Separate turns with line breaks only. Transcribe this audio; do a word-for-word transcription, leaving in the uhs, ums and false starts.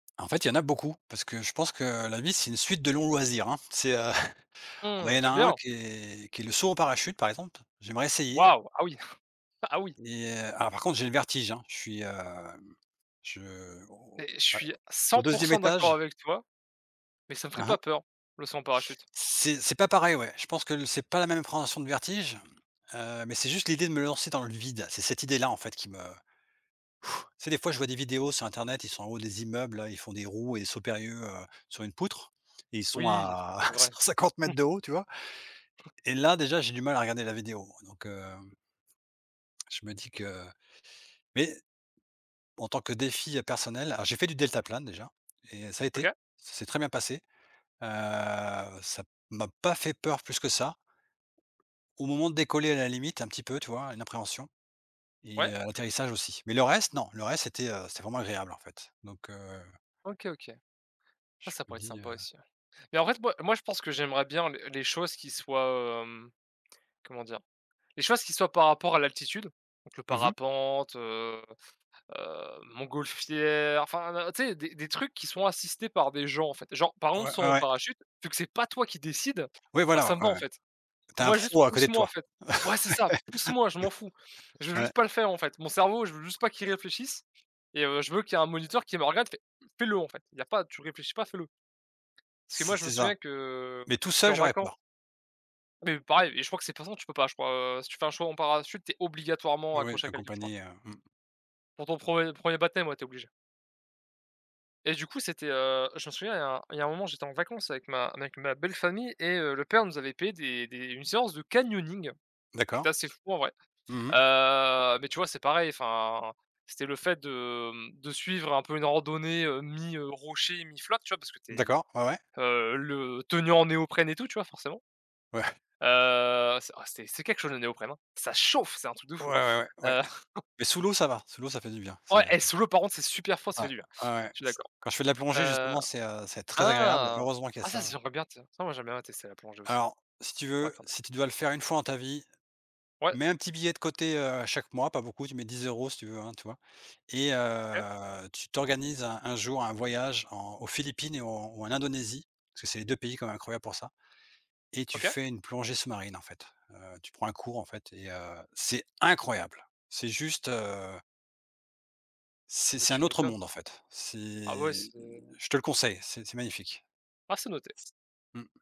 En fait, il y en a beaucoup parce que je pense que la vie, c'est une suite de longs loisirs, hein. C'est, heu, moi,
Mmh,
il y en a
j'aime
un
bien.
qui est qui est le saut en parachute par exemple. J'aimerais essayer.
Waouh, ah oui. Ah oui.
Et heu, ah par contre, j'ai le vertige, hein. Je suis, hem, je au
Mais
je
je
sais pas,
suis
au au
cent pour
deuxième
cent d'accord
étage.
avec toi, mais ça me ferait pas
Aha?
peur, le saut en parachute.
C'est c'est pas pareil, ouais. Je pense que l c'est pas la même appréhension du vertige, heu, mais c'est juste l'idée de me lancer dans le vide. C'est cette idée-là en fait qui me tu sais des fois je vois des vidéos sur Internet, ils sont en haut des immeubles, hein. Ils font des roues et des sauts périlleux, heu, sur une poutre et ils sont
Oui, heu, c
à
c'est
à cent
vrai.
cinquante mètres de haut, tu vois? Et là déjà, j'ai du mal à regarder la vidéo. Donc, hem je me dis que mais, en tant que défi, heu, personnel alors j'ai fait du deltaplane déjà et ça a
OK.
été, ça s'est très bien passé. Heu, ça p m'a pas fait peur, plus que ça. Au moment de décoller à la limite un petit peu, tu vois? Une appréhension et
Ouais.
heu, l'atterrissage aussi. Mais le reste, non. Le reste, c'était, heu, c'était vraiment agréable en fait. Donc, heu
OK, OK. Ah
je
ça
me
pourrait être
dis, heu
sympa aussi ouais. Mais en fait, moi moi je pense que j'aimerais bien les les choses qui soient, hem, comment dire? Les choses qui soient par rapport à l'altitude, donc le
Mmh mh.
parapente, heu heu, montgolfière, enfin, heu, tu sais, des des trucs qui sont assistés par des gens en fait. Genre, par
Ouais,
exemple saut
ouais
en
ouais.
parachute, vu que c'est pas toi qui décide,
Ouais,
bah, ça
voilà,
me va en
heu
fait.
tu as un
Moi juste
pro à
pousse
côté de
moi en
toi.
fait. Ouais c'est ça, pousse moi je m'en fous. Je veux
Ouais. Ouais.
juste pas le faire en fait. Mon cerveau je veux juste pas qu'il réfléchisse et heu, je veux qu'il y ait un moniteur qui me regarde qui me fait: «Fais-le en fait. Il y a pas tu réfléchis pas, fais-le». Parce que moi
C
je me
c'est
souviens
ça.
que, mmh,
Mais tout seul,
qu'en
j'aurais
vacances
peur.
Mais, heu, pareil et je crois que c'est de toute façon tu peux pas, je crois, heu, si tu fais un chaut en parachute tu es obligatoirement
Oui,
accroché à quelqu'un je crois.
accompagné, heu, mmh.
Pour ton premier premier baptême, ouais tu es obligé. Et du coup, c'était, heu. Je m'en souviens, il y a il y a un moment, j'étais en vacances avec ma avec ma belle-famille et heu, le père nous avait payé des des une séance de canyoning, qui
D'accord.
était assez fou en vrai.
Mmh mh.
Heu, mais tu vois, c'est pareil, enfin, c'était le fait de, mmh, suivre un peu une randonnée, heu, mi, heu, rocher, mi flotte, tu vois? Parce que tu es,
D'accord, ouais, ouais.
heu, le tenue en néoprène et tout, tu vois? Forcément.
Ouais.
Heu, oh c'est oh c'était c'est quelque chose le néoprène, hein. Ça chauffe, c'est un truc de
Ouais,
fou.
ouais ouais, ouais.
Heu
Mais sous l'eau ça va, sous l'eau ça fait du bien. C'est, heu
Ouais et
ouais.
sous l'eau par contre, c'est super froid, ça fait
Ouais.
du bien,
Ouais, ouais
je suis
c
d'accord.
quand je fais de la plongée
Heu.
justement c'est, heu, c'est très agréable,
Ah!
heureusement qu'il y a
Ah ça, c
ça.
j'aimerais bien tiens, ça, moi j'aimerais bien tester la plongée aussi. Ça
Alors si tu
pourrait
veux,
être sympa.
si tu dois le faire une fois dans ta vie,
Ouais.
mets un petit billet de côté, heu, chaque mois, pas beaucoup, tu mets dix euros si tu veux, hein, tu vois? Et
Ouais.
heu, tu t'organises un un jour un voyage en aux Philippines et au ou en Indonésie, parce que c'est les deux pays quand même incroyables pour ça et tu
OK.
fais une plongée sous-marine en fait. Heu, tu prends un cours en fait et heu, c'est incroyable. C'est juste, heu c'est
Beh,
c'est un
tu
autre
m'étonnes.
monde en fait. C'est,
Ah ouais,
heu,
c'est heu
je te le conseille, c'est c'est magnifique.
Ah c'est noté.
Mmh.